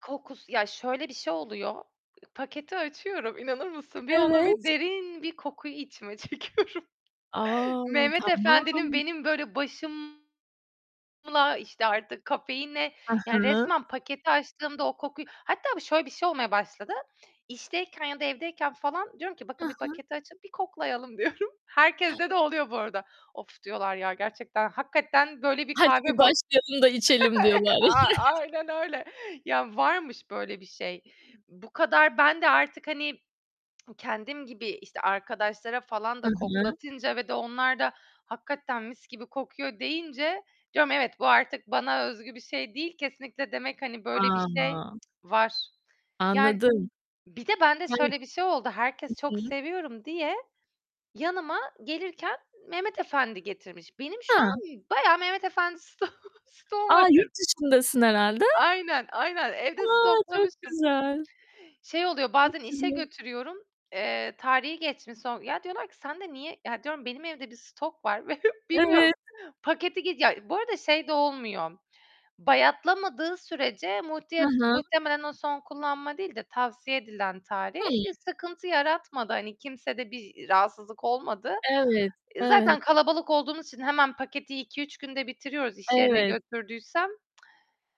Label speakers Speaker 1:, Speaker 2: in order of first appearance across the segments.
Speaker 1: Kokusu ya şöyle bir şey oluyor. I paketi açıyorum, inanır mısın? Bir onu
Speaker 2: Evet.
Speaker 1: bir derin bir kokuyu içime çekiyorum.
Speaker 2: A!
Speaker 1: Mehmet Efendi'nin
Speaker 2: Tamam.
Speaker 1: benim böyle başımla, işte, artık kafeine
Speaker 2: Hı
Speaker 1: Yani
Speaker 2: hı.
Speaker 1: resmen paketi açtığımda o kokuyu hatta şöyle bir şey olmaya başladı. İşteyken ya da evdeyken falan diyorum ki,
Speaker 2: Hı
Speaker 1: "Bakın bir
Speaker 2: hı.
Speaker 1: paketi açın, bir koklayalım." diyorum. Herkeste de oluyor bu arada. "Of," diyorlar, "ya gerçekten hakikaten böyle bir
Speaker 2: "Hadi
Speaker 1: kahve
Speaker 2: bir
Speaker 1: ko"
Speaker 2: başlayalım da içelim."
Speaker 1: E
Speaker 2: diyorlar.
Speaker 1: a aynen öyle. Ya, varmış böyle bir şey. Bu kadar, ben de artık hani, kendim gibi işte arkadaşlara falan
Speaker 2: Hı
Speaker 1: da
Speaker 2: hı.
Speaker 1: koklatınca ve de onlar da, "Hakikaten mis gibi kokuyor." deyince, evet, bu artık bana özgü bir şey değil, kesinlikle demek, hani, böyle bir şey
Speaker 2: A!
Speaker 1: var. Yani,
Speaker 2: Anladım.
Speaker 1: bir de ben de
Speaker 2: Hı.
Speaker 1: şöyle bir şey oldu, herkes
Speaker 2: Hı
Speaker 1: çok
Speaker 2: hı.
Speaker 1: seviyorum diye yanıma gelirken Mehmet Efendi getirmiş. Benim şu an
Speaker 2: Ha.
Speaker 1: bayağı Mehmet Efendi sto stoğum
Speaker 2: A!
Speaker 1: var
Speaker 2: Yurt
Speaker 1: ev
Speaker 2: dışındasın herhâlde.
Speaker 1: Aynen aynen
Speaker 2: A!
Speaker 1: evde
Speaker 2: Çok
Speaker 1: stoklamıştım.
Speaker 2: güzel.
Speaker 1: Şey oluyor,
Speaker 2: Çok
Speaker 1: bazen işe
Speaker 2: güzel.
Speaker 1: götürüyorum, eee, tarihi geçmiş son. Ya diyorlar ki "Sende niye?" "Ya," diyorum, "benim evde bir stok var ve
Speaker 2: Evet.
Speaker 1: bilmiyorum." Paketi geç ya bu arada şey de olmuyor, bayatlamadığı sürece
Speaker 2: Hı
Speaker 1: multi
Speaker 2: hı.
Speaker 1: muhtemelen o son kullanma değil de tavsiye edilen tarih,
Speaker 2: Hıı.
Speaker 1: bir sıkıntı yaratmadı hani kimsede bir rahatsızlık olmadı.
Speaker 2: Evet. Evet.
Speaker 1: Zaten kalabalık olduğumuz için hemen paketi 2-3 günde bitiriyoruz iş yerine
Speaker 2: Evet.
Speaker 1: götürdüysem.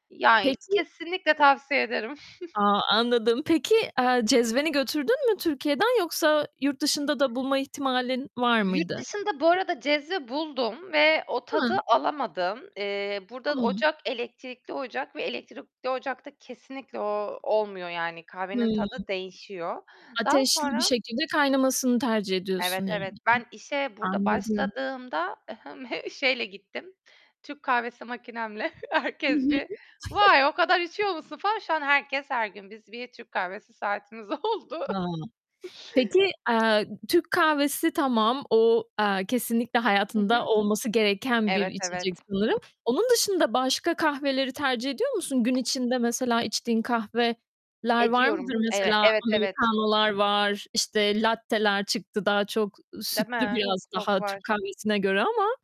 Speaker 1: Yani
Speaker 2: Peki.
Speaker 1: kesinlikle
Speaker 2: P
Speaker 1: tavsiye ederim.
Speaker 2: A anladım. Peki, eee, cezveni götürdün mü Türkiye'den? Yoksa yurt dışında da bulma ihtimalin var
Speaker 1: Yurt
Speaker 2: mıydı?
Speaker 1: dışında bu arada cezve buldum ve o tadı
Speaker 2: Hı.
Speaker 1: alamadım. Eee, burada da
Speaker 2: Tamam.
Speaker 1: ocak elektrikli ocak ve elektrikli ocakta kesinlikle o olmuyor yani,
Speaker 2: Hıı.
Speaker 1: kahvenin tadı değişiyor. Daha
Speaker 2: Ateşli bir
Speaker 1: sonra
Speaker 2: şekilde kaynamasını tercih ediyorsun.
Speaker 1: Evet, evet,
Speaker 2: [unintelligible]
Speaker 1: ben işe burada
Speaker 2: Anladım.
Speaker 1: başladığımda, ı hım, he şeyle gittim, Türk kahvesi makinemle,
Speaker 2: Hı
Speaker 1: herkes
Speaker 2: hı.
Speaker 1: bir "Vay o kadar içiyor musun falan." Şu an herkes, her gün, biz bir Türk kahvesi saatimiz oldu.
Speaker 2: Ha. Peki, eee, Türk kahvesi tamam. O, eee, kesinlikle
Speaker 1: Hı
Speaker 2: hayatında
Speaker 1: hı.
Speaker 2: olması gereken bir
Speaker 1: Evet
Speaker 2: içecek
Speaker 1: evet.
Speaker 2: sanırım. Onun dışında başka kahveleri tercih ediyor musun? Gün içinde mesela içtiğin kahveler var mıdır
Speaker 1: Ediyorum, eve
Speaker 2: mesela?
Speaker 1: evet, evet.
Speaker 2: Americano'lar var, işte latte'ler çıktı daha çok
Speaker 1: Değil
Speaker 2: sütlü,
Speaker 1: mi?
Speaker 2: biraz daha, Türk
Speaker 1: Koklar.
Speaker 2: kahvesine göre ama